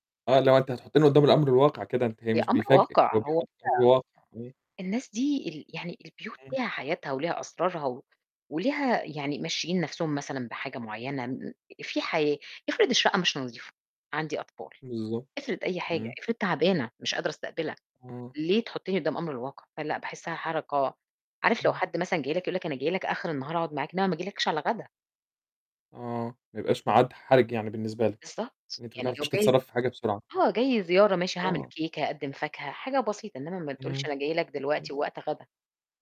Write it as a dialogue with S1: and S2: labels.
S1: آه اللي هو أنت هتحطّني قدام الأمر الواقع كده. أنتِ هي
S2: هي
S1: مش
S2: أمر
S1: بيفاجئِك
S2: واقع
S1: هو
S2: هو [unintelligible]
S1: بيحُط أمر واقع. إمم.
S2: الناس دي ال يعني البيوت
S1: إمم.
S2: ليها حياتها وليها أسرارها و وليها يعني ممشيين نفسهم مثلًا بحاجة معينة م في حياة افرض الشقة مش نضيفة؟ عندي أطفال،
S1: بالضبط
S2: افرض أي حاجة،
S1: إمم.
S2: افرض تعبانة مش قادرة أستقبلك.
S1: آه.
S2: ليه تحُطّني قدام الأمر الواقع؟ فلأ، باحسّها حركة عارف لو
S1: إمم.
S2: حد مثلًا جاي لك، يقول لك، أنا جاي لك آخر النهار أقعد معاك. إنما ما ييجيلكش على غدا.
S1: آه، ما يبقاش معاد حرج يعني بالنسبة لِك.
S2: بالضبط
S1: إن أنتِ ما
S2: يعني
S1: تعرفيش
S2: لو جاي
S1: تتصرّفي في حاجة بسرعة.
S2: آه جاي زيارة ماشي هاعمل
S1: آه.
S2: كيكة، هاقدّم فاكهة، حاجة بسيطة. إنما ما تقولش
S1: إمم.
S2: أنا جاي لك
S1: [unintelligible]
S2: دلوقتي ووقت غدا.